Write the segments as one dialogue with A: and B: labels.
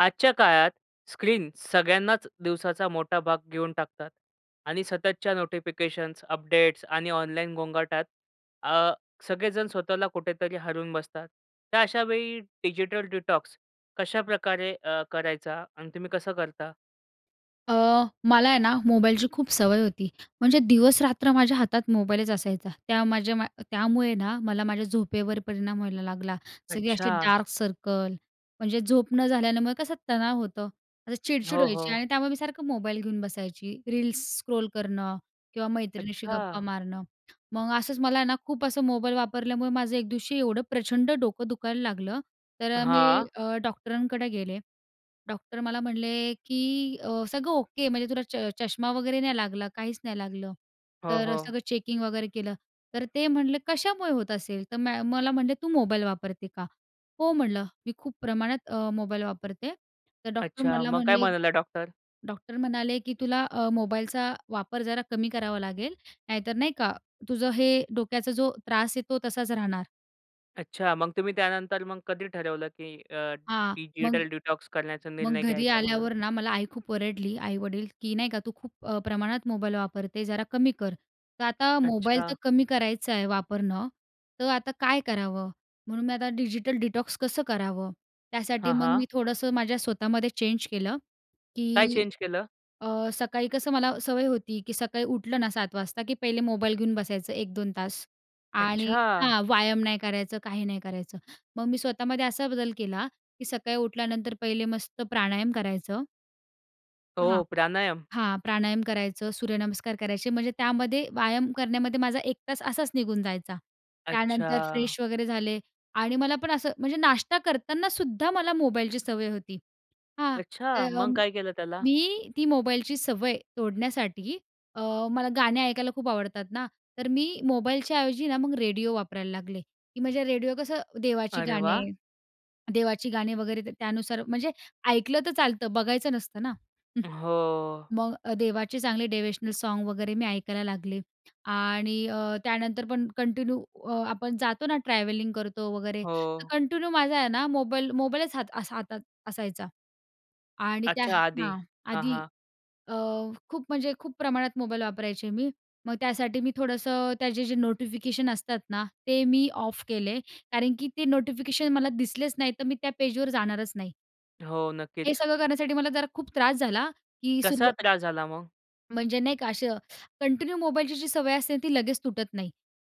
A: आजच्या काळात स्क्रीन सगळ्यांनाच दिवसाचा मोठा भाग घेऊन टाकतात आणि सततच्या नोटिफिकेशन्स, अपडेट्स आणि ऑनलाईन गोंगाटात अ, सगळेजण स्वतःला कुठेतरी हरवून बसतात. तर अशावेळी डिजिटल डिटॉक्स कशाप्रकारे अ, करायचा आणि तुम्ही कसं करता?
B: अ, मला आहे ना, मोबाईलची खूप सवय होती. म्हणजे दिवस-रात्र माझ्या हातात मोबाईलच असायचा. त्या माझ्या मा त्यामुळे ना, मला माझ्या झोपेवर परिणाम व्हायला लागला. सगळी अशी
A: अच्छा.
B: डार्क सर्कल, म्हणजे झोप न झाल्यामुळे कसं तणाव होतं, असं चिडचिड
A: हो,
B: व्हायची
A: हो.
B: आणि त्यामुळे मी सारखं मोबाईल घेऊन बसायची. रील्स स्क्रोल करणं किंवा मैत्रिणीशी गप्पा
A: अच्छा.
B: मारणं. मग असंच मला आहे ना खूप असं मोबाईल वापरल्यामुळे माझं एक दिवशी एवढं प्रचंड डोकं दुखायला लागलं. तर अ, मी
A: हां.
B: अ, डॉक्टरांकडे गेले. डॉक्टर मला म्हणले की अ, सगळं ओके म्हणजे तुला च चष्मा वगैरे नाही लागला, काहीच नाही लागलं.
A: हो,
B: तर अ,
A: हो.
B: सगळं चेकिंग वगैरे केलं. तर ते म्हणले, कशामुळे होत असेल? तर म मला म्हणले, तू मोबाईल वापरते का? हो म्हणलं, मी खूप प्रमाणात अ, मोबाईल वापरते. तर डॉक्टर
A: अच्छा.
B: मला
A: मग काय
B: म्हणले,
A: म्हणाला डॉक्टर?
B: डॉक्टर म्हणाले की "तुला अ, मोबाईलचा वापर जरा कमी करावा लागेल. नाहीतर नाही का? तुझं हे डोक्याचा जो त्रास आहे तो तसाच राहणार."
A: अच्छा, मग तुम्ही त्यानंतर मग कधी ठरवलं, की अ,
B: हां. मग,
A: डिजिटल डिटॉक्स करण्याचा
B: मग
A: निर्णय
B: घरी
A: घ्यायचा म्हणून?
B: आल्यावर ना, मला आई खूप ओरडली. आई-वडील की नाही का, तू खूप प्रमाणात मोबाईल वापरते जरा कमी कर. तर आता मोबाईल तर
A: अच्छा.
B: कमी करायचं आहे, वापरणं. तर आता काय करावं म्हणून मी आता डिजिटल डिटॉक्स कसं करावं? त्यासाठी
A: हां,
B: मग
A: हां.
B: मी थोडंसं माझ्या स्वतःमध्ये चेंज केलं,
A: काय
B: की
A: चेंज केलं?
B: अ, सकाळी कसं मला सवय होती, की सकाळी उठलं ना, 7:00 वाजता, की पहिले मोबाईल घेऊन बसायचं 1-2 तास आणि
A: अच्छा!
B: हां, व्यायाम नाही करायचं, काही नाही करायचं. मग मी स्वतःमध्ये असा बदल केला, की सकाळी उठल्यानंतर पहिले मस्त प्राणायाम करायचं हां,
A: हो, प्राणायाम.
B: हां, प्राणायाम करायचं, सूर्यनमस्कार करायचे, म्हणजे त्यामध्ये व्यायाम करण्यामध्ये माझा 1 तास असाच निघून जायचा. त्यानंतर
A: अच्छा.
B: फ्रेश वगैरे झाले आणि मला पण असं म्हणजे नाश्ता करतानासुद्धा मला मोबाईलची सवय होती. हां.
A: अच्छा!
B: तर
A: मग काय केलं त्याला?
B: मी ती मोबाईलची सवय तोडण्यासाठी अ, मला गाणे ऐकायला खूप आवडतात ना, तर मी मोबाईलच्या ऐवजी ना, मग रेडिओ वापरायला लागले, की म्हणजे रेडिओ कसं देवाची
A: अरे,
B: गाणे
A: वाह!
B: देवाची गाणे वगैरे त्यानुसार, म्हणजे ऐकलं तर चालतं, बघायचं नसतं ना.
A: अ, हो.
B: मग अ, देवाचे चांगले डेव्हेशनल सॉन्ग वगैरे मी ऐकायला लागले. आणि अ, त्यानंतर पण कंटिन्यू अ, आपण जातो ना, ट्रॅव्हलिंग करतो वगैरे तर
A: हो.
B: कंटिन्यू माझा आहे ना, मोबाईल, मोबाईलच हात असा हातात असायचा. आणि त्या
A: अच्छा, आधी.
B: हां.
A: हां,
B: आधी
A: हां.
B: अ, खूप म्हणजे खूप प्रमाणात मोबाईल वापरायचे मी. मग त्यासाठी मी थोडंसं त्याचे जे नोटिफिकेशन असतात ना, ते मी ऑफ केले. कारण की ते नोटिफिकेशन मला दिसलेच नाहीतर, मी त्या पेजवर जाणारच नाही.
A: हो
B: हे
A: नक्कीच.
B: सगळं करण्यासाठी मला जरा खूप त्रास झाला, की
A: कसा
B: सुरव
A: त्रास झाला मग?
B: म्हणजे नाही का असं कंटिन्यू मोबाईलची जी सवय असते ती लगेच तुटत नाही.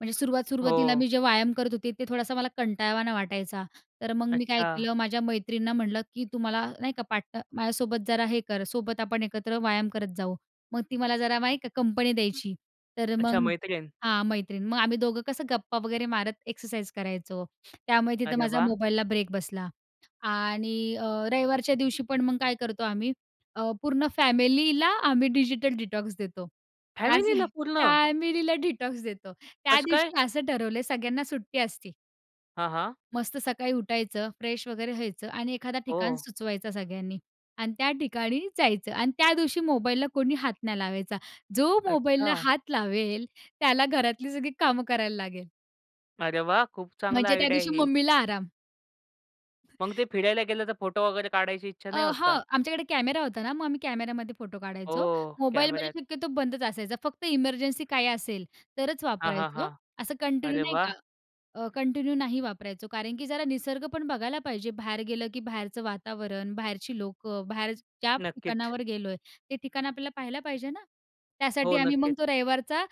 B: म्हणजे सुरुवात सुरुवातीला
A: हो.
B: मी जे व्यायाम करत होते ते थोडासा मला कंटाळावाना वाटायचा. तर मग मी काय
A: अच्छा.
B: केलं माझ्या मैत्रिणींना म्हणलं की तुम्हाला नाहीका पाट माझ्यासोबत जरा हे कर सोबत आपण एकत्र व्यायाम करत जाऊ. मग ती मला जरा नाही का कंपनी द्यायची. तर
A: अच्छा
B: मग
A: मैत्रीण?
B: हां मैत्रीण मग आम्ही दोघं कसं गप्पा वगैरे मारत एक्सरसाइज करायचो. त्यामुळे तिथं
A: अरे
B: माझा
A: वाह!
B: मोबाईलला ब्रेक बसला. आणि अ, रविवारच्या दिवशी पण मग काय करतो आम्ही अ, पूर्ण फॅमिलीला आम्ही डिजिटल डिटॉक्स देतो. त्याचं
A: फॅमिलीला पूर्ण?
B: फॅमिलीला डिटॉक्स देतो. त्या
A: कसं काय?
B: दिवशी असं ठरवलंय सगळ्यांना सुट्टी असते.
A: हां, हां.
B: मस्त सकाळी उठायचं, फ्रेश वगैरे व्हायचं आणि एखादा ठिकाण
A: हो.
B: सुचवायचा सगळ्यांनी. आणि त्या ठिकाणी जायचं आणि त्या दिवशी मोबाईलला कोणी हात नाही लावायचा. जो मोबाईलला
A: अच्छा.
B: हात लावेल त्याला घरातली सगळी कामं करायला लागेल.
A: अरे वाह! खूप चांगला
B: म्हणजे
A: आयडिया आहे
B: त्यादिवशी
A: हे.
B: मम्मीला आराम.
A: मग ते फिरायला गेलं तर फोटो वगैरे काढायची इच्छा नाही
B: अ,
A: होत
B: हा
A: का?
B: आमच्याकडे कॅमेरा होता ना मग आम्ही कॅमेऱ्यामध्ये फोटो काढायचो.
A: हो,
B: मोबाईलमध्ये
A: कॅमेऱ्यात.
B: शक्यतो बंदच असायचा, फक्त इमर्जन्सी काय असेल तरच
A: हां, हां, हां.
B: वापरायचो. असं कंटिन्यू
A: अरे
B: नाही
A: वाह!
B: का अ, कंटिन्यू नाही वापरायचो. कारण की जरा निसर्ग पण बघायला पाहिजे. बाहेर गेलं, की बाहेरचं वातावरण, बाहेरची लोकं, बाहेर ज्या
A: नक्कीच.
B: ठिकाणावर गेलोय ते ठिकाण आपल्याला पाहायला पाहिजे ना? त्यासाठी
A: हो,
B: आम्ही मग
A: नक्कीच.
B: तो रविवारचा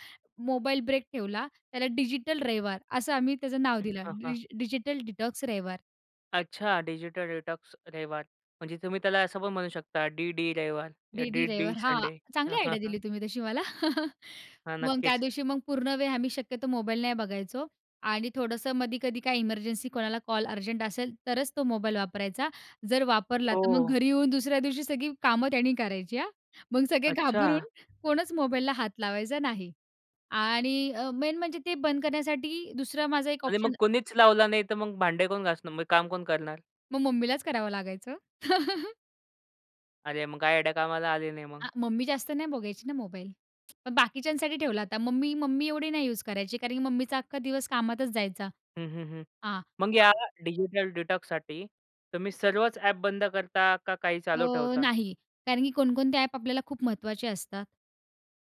B: मोबाईल ब्रेक ठेवला. त्याला डिजिटल रविवार असं आम्ही त्याचं नाव दिलं.
A: हां, हां.
B: डिजिटल डिटॉक्स रविवार!
A: अच्छा, डिजिटल डिटॉक्स. रविवार. म्हणजे तुम्ही त्याला असं पण म्हणू शकता डी-डी रविवार या
B: डी-डी
A: डी-डी
B: रविवार हां
A: संडे.
B: चांगली आयडिया दिली तुम्ही तशी मला.
A: हां,
B: मग
A: नक्कीच.
B: त्यादिवशी मग पूर्ण वेळ, आम्ही शक्यतो मोबाईल नाही बघायचो. आणि थोडंसं मधी-कधी काय इमर्जन्सी, कोणाला कॉल अर्जंट असेल, तरच तो मोबाईल वापरायचा. जर वापरला, तर मग
A: हो.
B: घरी येऊन दुसऱ्या दिवशी सगळी कामं त्यानी करायची हां. मग सगळे घाबरून
A: अच्छा!
B: कोणच मोबाईलला हात लावायचा नाही. आणि अ, मेन म्हणजे ते बंद करण्यासाठी दुसरा माझा एक
A: आणि मग
B: ऑप्शन
A: कोणीच लावला नाहीतर, मग भांडे कोण घासणार? मग काम कोण करणार?
B: मग मम्मीलाच करावं लागायचं.
A: अरे, मग काय आयडिया कामाला आले नाही
B: आ
A: मग?
B: मम्मी जास्त नाही बघायची ना मोबाईल. पण बाकीच्यांसाठी ठेवला होता. मम्मी मम्मी एवढी नाही यूज़ करायची कारण, की मम्मीचा अख्खा दिवस कामातच जायचा.
A: हं, हं, हं.
B: हां
A: मग या डिजिटल डिटॉक्ससाठी, तुम्ही सर्वच ॲप बंद करता का काही चालू
B: अ,
A: ठेवता?
B: नाही, कारण की कोणकोणते ॲप आपल्याला खूप महत्त्वाचे असतात.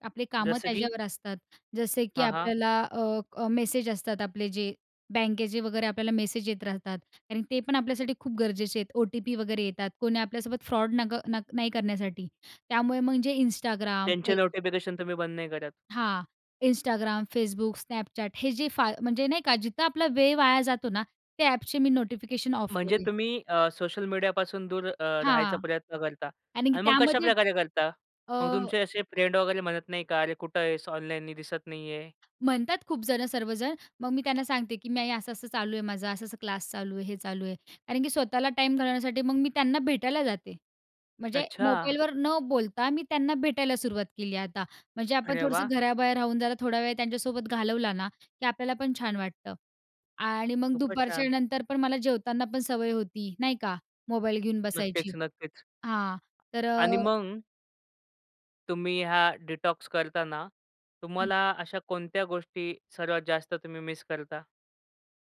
B: आपले कामं
A: जसं की?
B: त्याच्यावर असतात. जसे की
A: हां, हां.
B: आपल्याला अ, अ, मेसेज असतात आपले, जे बँकेचे वगैरे आपल्याला मेसेज येत राहतात. कारण, ते पण आपल्यासाठी खूप गरजेचे आहेत. ओ-टी-पी वगैरे येतात, कोणी आपल्यासोबत फ्रॉड नग न नाही करण्यासाठी त्यामुळे म्हणजे Instagram,
A: त्यांचे
B: Facebook
A: नोटिफिकेशन तुम्ही बंद नाही करत.
B: हां. Instagram, Facebook, Snapchat, हे जे फा म्हणजे नाही का जिथं आपला वेळ वाया जातो ना, त्या ॲपचे मी नोटिफिकेशन ऑफ
A: म्हणजे
B: केले.
A: तुम्ही अ, सोशल मीडियापासून दूर अ, राहायचा
B: हां.
A: प्रयत्न करता.
B: आणि की
A: आणि मग
B: त्यामध्ये
A: कशाप्रकारे करता?
B: अ
A: मग तुमचे असे फ्रेंड वगैरे म्हणत नाही का? अरे कुठे आहेस, ऑनलाईन दिसत नाही आहे?
B: म्हणतात खूप जणं सर्वजण. मग, मी त्यांना सांगते की नाही असं-असं चालू आहे माझं असं-असं क्लास चालू आहे, हे चालू आहे. कारण, की स्वतःला टाईम घालवण्यासाठी मग मी त्यांना भेटायला जाते. म्हणजे
A: अच्छा!
B: मोबाईलवर न बोलता मी त्यांना भेटायला सुरुवात केली आहे आता. म्हणजे आपण
A: अरे
B: थोडंसं
A: वाह!
B: घराबाहेर राहून जरा थोडा वेळ त्यांच्यासोबत घालवला ना, की आपल्याला पण छान वाटतं. आणि मग
A: खूपच छान.
B: दुपारच्यानंतर पण मला जेवताना पण सवय होती, नाही का मोबाईल घेऊन
A: नक्कीच,
B: बसायची.
A: नक्कीच.
B: हां तर अ
A: आणि मग तुम्ही हा डिटॉक्स करताना,
B: हं.
A: तुम्हाला अशा कोणत्या गोष्टी सर्वात जास्त तुम्ही मिस करता?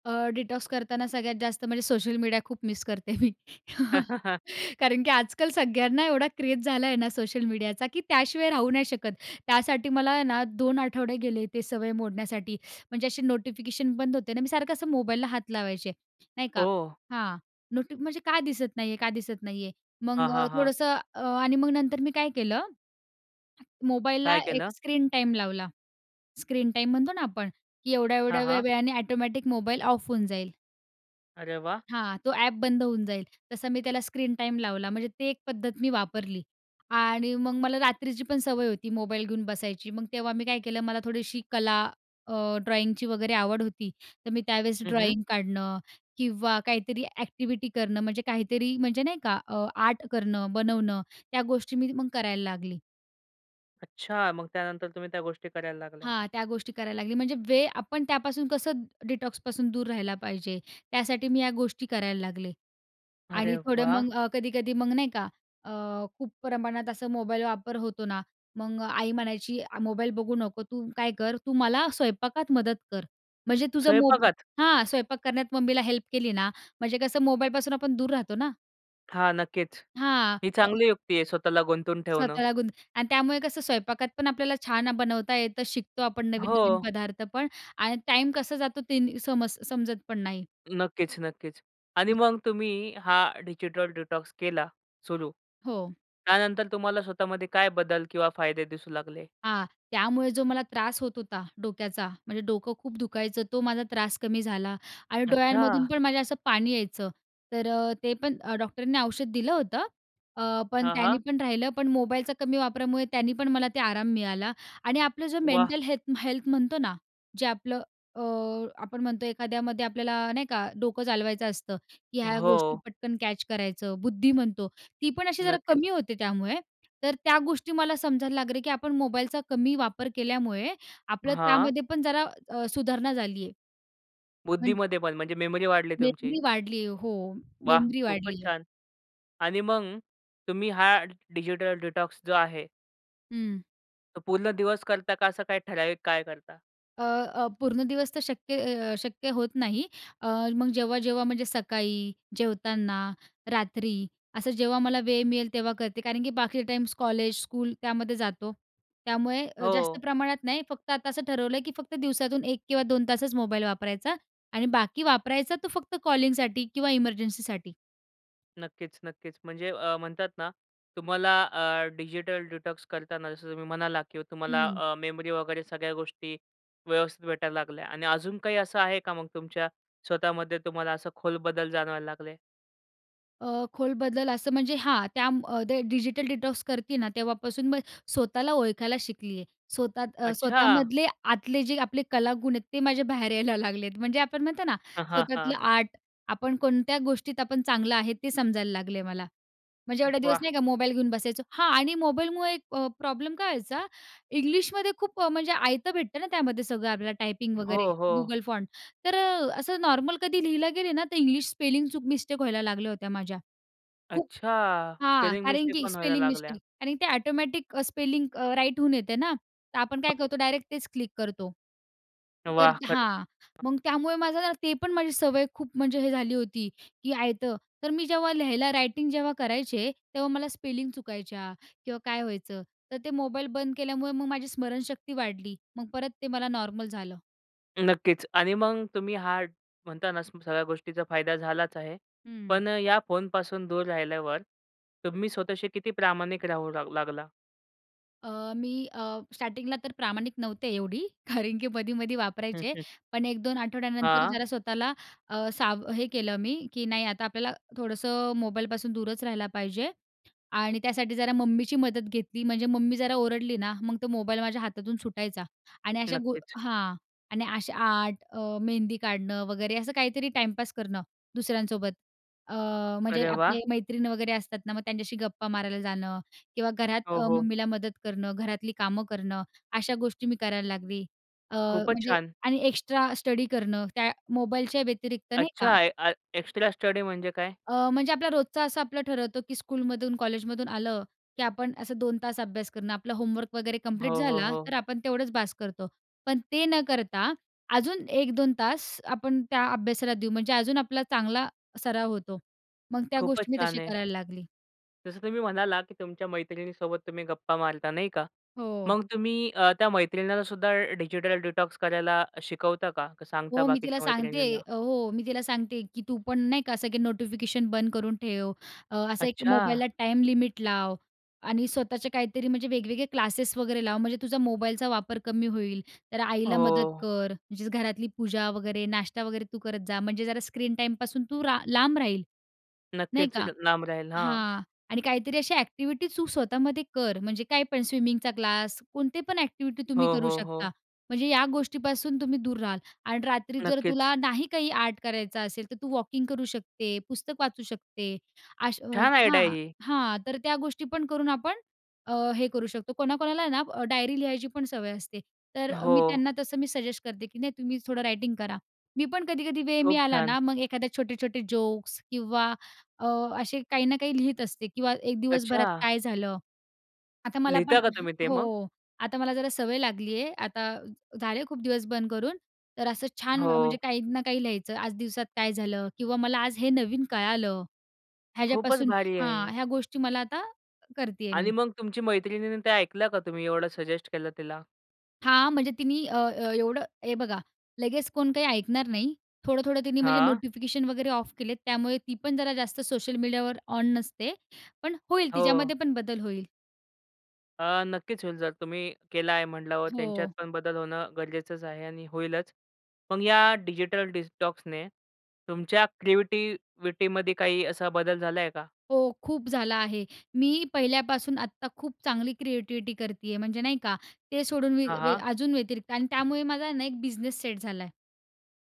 B: अ, डिटॉक्स करताना सगळ्यात जास्त म्हणजे सोशल मीडिया खूप मिस करते मी. कारण, की आजकाल सगळ्यांना एवढा क्रेज झाला आहे ना, सोशल मीडियाचा, की त्याशिवाय राहू नाही शकत. त्यासाठी मला आहे ना 2 आठवडे गेले ते सवय मोडण्यासाठी. म्हणजे असे नोटिफिकेशन बंद होते ना. मी सारखं असं मोबाईलला हात लावायचे, नाही का,
A: ओह!
B: हां. नोटी म्हणजे का दिसत नाहीये, का दिसत नाहीये? मग
A: हां, हां, हां.
B: थोडंसं आणि मग नंतर मी काय केलं, मोबाईलला
A: काय
B: एक
A: केलं?
B: स्क्रीन टाईम लावला. स्क्रीन टाईम म्हणतो ना आपण, की एवढ्या,
A: हां,
B: एवढ्या
A: हां.
B: वेळाने ऑटोमॅटिक मोबाईल ऑफ होऊन जाईल.
A: अरे वाह!
B: हां. तो ॲप बंद होऊन जाईल. तसं मी त्याला स्क्रीन टाईम लावला. म्हणजे ते एक पद्धत मी वापरली आणि मग मला रात्रीची पण सवय होती मोबाईल घेऊन बसायची. मग तेव्हा मी काय केलं मला थोडीशी कला अ, ड्रॉईंगची वगैरे आवड होती. तर मी त्यावेळेस
A: हं, हं.
B: ड्रॉईंग काढणं किंवा काहीतरी ॲक्टिव्हिटी करणं म्हणजे काहीतरी म्हणजे नाही का अ, आर्ट करणं, बनवणं त्या गोष्टी मी मग करायला लागली.
A: अच्छा. मग त्यानंतर तुम्ही त्या गोष्टी करायला लागल्या?
B: हां. त्या गोष्टी करायला लागली म्हणजे वे आपण त्यापासून कसं डिटॉक्सपासून दूर राहिला पाहिजे? त्यासाठी मी या गोष्टी करायला लागले.
A: अरे
B: आणि थोडं
A: वाह!
B: मग अ, कधी-कधी मग नाही का अ, खूप प्रमाणात अस मोबाईल वापर होतो ना, मग आई म्हणायची अ, मोबाईल बघू नको, तू काय कर, तू मला स्वयंपाकात मदत कर. म्हणजे तुझं मोब
A: स्वयंपाकात?
B: हां स्वयंपाक करण्यात मम्मीला हेल्प केली ना म्हणजे कसं मोबाईलपासून आपण दूर राहतो ना.
A: हां नक्कीच,
B: हां,
A: ही
B: हो.
A: चांगली युक्ती आहे स्वतःला गुंतवून ठेवणं.
B: स्वतःला गुंत आणि त्यामुळे कसं स्वयंपाकात पण आपल्याला छान अ, बनवता येतं, शिकतो आपण नवीन-नवीन
A: हो.
B: पदार्थ पण आणि टाईम कसा जातो ते समज समजत पण नाही.
A: नक्कीच, नक्कीच. आणि मग तुम्ही हा डिजिटल डिटॉक्स केला सुरू.
B: हो.
A: त्यानंतर तुम्हाला स्वतःमध्ये काय बदल किंवा फायदे दिसू लागले?
B: हां. त्यामुळे जो मला त्रास होत होता, डोक्याचा, म्हणजे डोकं खूप दुखायचं तो माझा त्रास कमी झाला आणि डोळ्यांमधून
A: अच्छा!
B: पण माझ्या असं पाणी यायचं तर अ, ते पण अ, डॉक्टरनी औषध दिलं होतं अ, पण
A: हां,
B: त्यानी
A: हां.
B: पण राहिलं. पण मोबाईलचा कमी वापरामुळे त्यानी पण मला ते आराम मिळाला आणि आपलं जो
A: वाह!
B: मेंटल हेल्थ हेल्थ म्हणतो ना, जे आपलं अ, आपण म्हणतो एखाद्यामध्ये आपल्याला नाही का डोकं चालवायचं असतं, की ह्या गोष्टी
A: हो.
B: पटकन कॅच करायचं, बुद्धी म्हणतो. ती पण अशी जरा
A: नक्कीच.
B: कमी होते त्यामुळे तर त्या गोष्टी मला समजायला लागले की आपण मोबाईलचा कमी वापर केल्यामुळे आपलं
A: हां.
B: त्यामध्ये पण जरा अ, सुधारणा झाली आहे. म्हणजे
A: बुद्धीमध्ये पण म्हणजे मेमरी वाढली तुमची?
B: मेमरी वाढली आहे. हो,
A: वाह!
B: मेमरी
A: खूपच
B: वाढली आहे.
A: छान. आणि मग तुम्ही हा डिजिटल डिटॉक्स जो आहे
B: हं.
A: तो पूर्ण दिवस करता का, असं काही ठराविक काळ करता?
B: अ, अ, पूर्ण दिवस तर शक्य अ, शक्य होत नाही. अ, मग जेव्हा-जेव्हा म्हणजे सकाळी, जेवताना, रात्री, असं जेव्हा मला वेळ मिळेल तेव्हा करते. कारण की बाकीचा टाइम कॉलेज स्कूल त्यामध्ये जातो. त्यामुळे अ, जास्त
A: हो.
B: प्रमाणात नाही. फक्त आता असं ठरवलं आहे, की फक्त दिवसातून 1 किंवा 2 तासच मोबाईल वापरायचा आणि बाकी वापरायचा तर फक्त कॉलिंगसाठी किंवा इमर्जन्सीसाठी.
A: नक्कीच, नक्कीच. म्हणजे अ, म्हणतात ना तुम्हाला अ, डिजिटल डिटॉक्स करताना जसं तुम्ही म्हणालात की तुम्हाला
B: हं.
A: अ, मेमरी वगैरे सगळ्या गोष्टी व्यवस्थित भेटायला लागल्या आणि अजून काही असं आहे का, मग तुमच्या स्वतःमध्ये तुम्हाला असं खोल बदल जाणवायला लागले?
B: अ, खोल बदल असं म्हणजे, हां त्या म डि डिजिटल डिटॉक्स करती ना, तेव्हापासून मी स्वतःला ओळखायला शिकली आहे. स्वतः अ,
A: अच्छा!
B: स्वतःमधले आतले जे आपले कलागुण आहेत ते माझ्या बाहेर यायला लागलेत, म्हणजे आपण म्हणतो ना,
A: हां, हां, हां.
B: स्वतःला आर्ट आपण कोणत्या गोष्टीत आपण चांगलं आहे, ते समजायला लागले मला, म्हणजे एवढे दिवस
A: वाह!
B: नाही का मोबाईल घेऊन बसायचं. हां आणि मोबाईलमुळे अ, प्रॉब्लेम काय व्हायचा? इंग्लिशमध्ये खूप अ, म्हणजे आयतं भेटतं ना, त्यामध्ये सगळं आपल्याला टायपिंग वगैरे
A: हो, हो.
B: Google फॉन्ट, तर अ, असं नॉर्मल कधी लिहिला गेले ना, तर इंग्लिश स्पेलिंग चूक, मिस्टेक व्हायला लागल्या होत्या माझ्या. खूप
A: अच्छा!
B: हां,
A: स्पेलिंग
B: कारण
A: मिस्टेक
B: की
A: पण व्हायला
B: स्पेलिंग
A: लागल्या?
B: मिस्टेक आणि ते ऑटोमॅटिक अ, स्पेलिंग अ, राईट होऊन येते ना, तर आपण काय करतो डायरेक्ट तेच क्लिक करतो. तर
A: वाह! खरंच.
B: हां,
A: [unintelligible]
B: मग त्यामुळे माझं ना, ते पण माझी सवय खूप म्हणजे हे झाली होती, की आयतं तर मी जेव्हा लिहायला रायटिंग जेव्हा करायचे, तेव्हा मला स्पेलिंग चुकायच्या किंवा काय व्हायचं, तर ते मोबाईल बंद केल्यामुळे, मग माझी स्मरणशक्ती वाढली, मग परत ते मला नॉर्मल झालं.
A: नक्कीच. आणि मग तुम्ही हा म्हणता ना, सगळ्या गोष्टीचा फायदा झालाच आहे.
B: हं.
A: पण या फोनपासून दूर राहिल्यावर तुम्ही स्वतःशी किती प्रामाणिक राहू लाग लागला?
B: अ, मी अ, स्टार्टिंगला तर प्रामाणिक नव्हते एवढी, कारण की मधी-मधी
A: हं,
B: वापरायचे,
A: हं.
B: पण 1-2 आठवड्यानंतर
A: हां.
B: जरा स्वतःला अ, साव हे केलं मी की नाही, आता आपल्याला थोडंसं मोबाईलपासून दूरच राहिला पाहिजे आणि त्यासाठी जरा मम्मीची मदत घेतली. म्हणजे मम्मी जरा ओरडली ना, मग तो मोबाईल माझ्या हातातून सुटायचा आणि अशा गु
A: नक्कीच.
B: हां. आणि अशा आर्ट, अ, मेहंदी काढणं वगैरे, असं काहीतरी टाइमपास करणं दुसऱ्यांसोबत. अ, म्हणजे
A: अरे, वाह!
B: आपले मैत्रीण वगैरे असतात ना, मग त्यांच्याशी गप्पा मारायला जाणं किंवा घरात
A: हो,
B: अ,
A: हो.
B: मम्मीला मदत करणं, घरातली कामं करणं. अशा गोष्टी मी करायला लागली. अ,
A: खूपचं
B: म्हणजे
A: छान.
B: आणि एक्स्ट्रा स्टडी करणं, त्या मोबाईलच्या व्यतिरिक्त, नाही का.
A: अच्छा! ए ए एक्सट्रा स्टडी म्हणजे काय?
B: अ, म्हणजे आपला रोजचा, असं आपलं ठरवतो की स्कूलमधून, कॉलेजमधून आलं, की आपण असं 2 तास अभ्यास करणं, आपलं होमवर्क वगैरे
A: हो,
B: कम्प्लीट
A: हो,
B: झाला,
A: हो.
B: तर आपण तेवढंच बास करतो. पण ते न करता अजून 1-2 तास आपण त्या अभ्यासाला देऊ, म्हणजे अजून आपला चांगला सराव होतो. मग त्या
A: खूपचं
B: गोष्टी मी तशी
A: छान आहे.
B: करायला लागली.
A: जसं तुम्ही म्हणाला, की तुमच्या मैत्रिणीसोबत तुम्ही गप्पा मारता, नाही का?
B: हो.
A: मग तुम्ही अ, त्या मैत्रिणींना सुद्धा डिजिटल डिटॉक्स करायला शिकवता का? का सांगता
B: हो, मी तिला
A: बाकीच्या
B: सांगते
A: मैत्रिणींना?
B: अ, हो, मी तिला सांगते, की तू पण नाही का, असं की नोटिफिकेशन बंद करून ठेव, अ, असं एक
A: अच्छा!
B: मोबाईलला टाईम लिमिट लाव आणि स्वतःचे काहीतरी म्हणजे वेगवेगळे क्लासेस वगैरे लाव, म्हणजे तुझा मोबाईलचा वापर कमी होईल. तर आईला मदत
A: हो.
B: कर, म्हणजेच घरातली पूजा वगैरे, नाश्ता वगैरे तू करत जा. म्हणजे जरा स्क्रीन टाईमपासून तू रा लांब राहील, नाही
A: नक्कीच
B: का?
A: अ, लांब राहील. हां.
B: हां. आणि काहीतरी अशा ॲक्टिव्हिटी तू स्वतःमध्ये कर, म्हणजे काही पण स्विमिंगचा क्लास कोणते पण ॲक्टिव्हिटी तुम्ही
A: हो,
B: करू
A: हो,
B: शकता,
A: हो.
B: म्हणजे या गोष्टीपासून तुम्ही दूर राहाल. आणि रात्री जर
A: नक्कीचं.
B: तुला नाही काही आर्ट करायचा असेल, तर तू वॉकिंग करू शकते, पुस्तक वाचू शकते अश
A: छान आयडिया
B: हां.
A: आहे ही.
B: हां, तर त्या गोष्टी पण करून आपण अ, हे करू शकतो. कोणाकोणाला ना, डायरी लिहायची पण सवय असते. तर मी
A: हो.
B: त्यांना तसं मी सजेस्ट करते, की नाही तुम्ही थोडं रायटिंग करा. मी पण कधी-कधी वेळ
A: खूप
B: मिळाला
A: छान.
B: ना, मग एखाद्या छोटे-छोटे जोक्स किंवा अ, असे काही ना काही लिहीत असते किंवा एक दिवसभरात
A: अच्छा!
B: काय झालं. आता मला पण
A: लिहिता का तुम्ही ते मग?
B: हो. आता मला जरा सवय लागली आहे, आता झाले खूप दिवस बंद करून, तर असं छान, म्हणजे
A: हो.
B: काही ना काही लिहायचं. आज दिवसात काय झालं किंवा मला आज हे नवीन कळालं,
A: खूपच
B: ह्याच्यापासून
A: भारी आहे
B: हां.
A: हे.
B: ह्या गोष्टी मला आता करते आहे मी.
A: आणि मग तुमची मैत्रिणींनी ते ऐकलं का तुम्ही एवढं सजेस्ट केलं तिला?
B: हां. म्हणजे तिनी अ, अ, एवढं हे बघा लगेच कोण काही ऐकणार नाही. थोडं-थोडं तिनी म्हणजे
A: हां.
B: नोटिफिकेशन वगैरे ऑफ केले. त्यामुळे ती पण जरा जास्त सोशल मीडियावर ऑन नसते. पण होईल
A: हो.
B: तिच्यामध्ये पण बदल होईल.
A: अ, नक्कीच होईल. जर तुम्ही केला आहे म्हणल्यावर त्यांच्यात
B: हो.
A: पण बदल होणं गरजेचंच आहे आणि होईलच. मग या डिजिटल डिटॉक्सने तुमच्या क्रिएटिविटीमध्ये काही असा बदल झाला आहे का?
B: हो. खूप झाला आहे. मी पहिल्यापासून आत्ता खूप चांगली क्रिएटिविटी करती आहे. म्हणजे नाही का, ते सोडून मी
A: हां,
B: वे
A: हां.
B: अजून व्यतिरिक्त आणि त्यामुळे माझा ना एक बिझनेस सेट झालाय.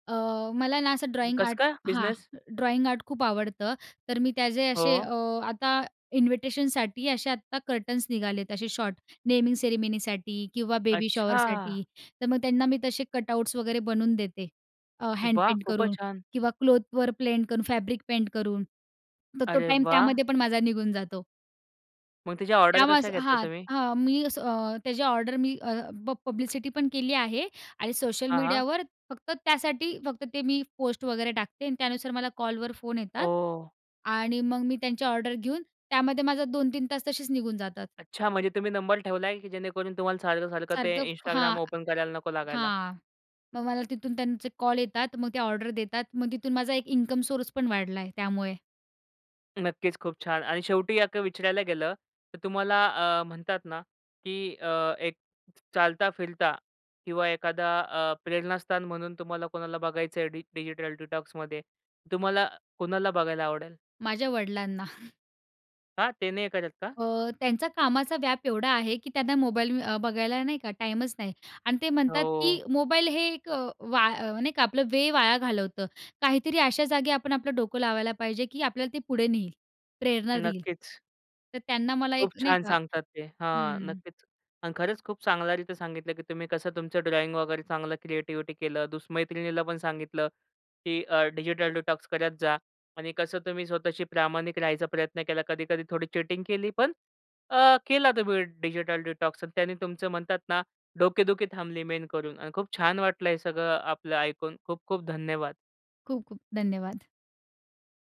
B: अ, मला ना असं ड्रॉइंग
A: कसं
B: आर्ट
A: काय?
B: हां
A: बिसनेस?
B: ड्रॉइंग आर्ट खूप आवडतं. तर मी त्याचे असे
A: हो.
B: अ, आता इन्व्हिटेशनसाठी असे आता कर्टन्स निघालेत असे शॉर्ट. नेमिंग सेरेमनीसाठी किंवा बेबी
A: अच्छा!
B: शॉवरसाठी. तर मग त्यांना मी तसे कटआउट्स वगैरे बनवून देते. अ,
A: वाह!
B: हँडपेंट
A: खूपच
B: करून
A: छान.
B: किंवा क्लोथवर प्लेंट करून फॅब्रिक पेंट करून. तर तो
A: अरे
B: टाईम
A: वाह!
B: त्यामध्येपण माझा निघून जातो.
A: मग तिच्या ऑर्डर
B: त्यामुळ
A: कशा
B: असं
A: घेता
B: हां.
A: तुम्ही?
B: हां. मी असं अ, त्याच्या ऑर्डर मी अ, प प पब्लिसिटीपण केली आहे आणि सोशल
A: हां, हां.
B: मीडियावर फक्त त्यासाठी फक्त ते मी पोस्ट वगैरे टाकते आणि त्यानुसार मला कॉलवर फोन येतात.
A: ओह!
B: आणि मग मी त्यांच्या ऑर्डर घेऊन त्यामध्ये माझं 2-3 तास तसेच निघून जातात.
A: अच्छा म्हणजे तुम्ही नंबर ठेवलाय की जेणेकरून तुम्हाला सारखं-सारखं ते
B: सारखं
A: Instagram
B: हां,
A: ओपन करायला नको लागायला?
B: हां. मग मला तिथून त्यांचे कॉल येतात. मग ते ऑर्डर देतात. मग तिथून माझा एक इन्कम सोर्सपण वाढला आहे त्यामुळे.
A: नक्कीच. खूप छान. आणि शेवटी असं विचारायला गेलं तर तुम्हाला अ, म्हणतात ना की अ, एक चालता फिरता किंवा एखादा अ, प्रेरणास्थान म्हणून तुम्हाला कोणाला बघायचं आहे डि डिजिटल डिटॉक्समध्ये? तुम्हाला कोणाला बघायला आवडेल?
B: माझ्या वडिलांना.
A: का? ते नाही करत का?
B: अ, त्यांचा कामाचा व्याप एवढा आहे की त्यांना मोबाईल अ, बघायला नाही का टाईमच नाही आणि ते म्हणतात,
A: हो.
B: की मोबाईल हे एक वा अ, नाही का आपलं वेळ वाया घालवतं. काहीतरी अशा जागी आपण आपलं डोकं लावायला पाहिजे की आपल्याला ते पुढे नेईल, प्रेरणा देईल.
A: नक्कीच.
B: तर त्यांना मला
A: खूप
B: एक नाही
A: छान
B: का
A: सांगतात ते. हां
B: हं.
A: नक्कीच आणि खरंच खूप चांगल्यारीती सांगितलं, की तुम्ही कसं तुमचं ड्रॉईंग वगैरे चांगलं क्रिएटिविटी केलं. दुस मैत्रिणीला पण सांगितलं की अ, डिजिटल डिटॉक्स करत जा आणि कसं तुम्ही स्वतःशी प्रामाणिक राहायचा प्रयत्न केला. कधी-कधी थोडी चीटिंग केली. पण अ, केला तुम्ही डिजिटल डिटॉक्स आणि त्यांनी तुमचं म्हणतात ना, डोकेदुखी थांबली मेन करून आणि खूप छान वाटलं आहे सगळं आपलं ऐकून. खूप-खूप धन्यवाद.
B: खूप-खूप धन्यवाद.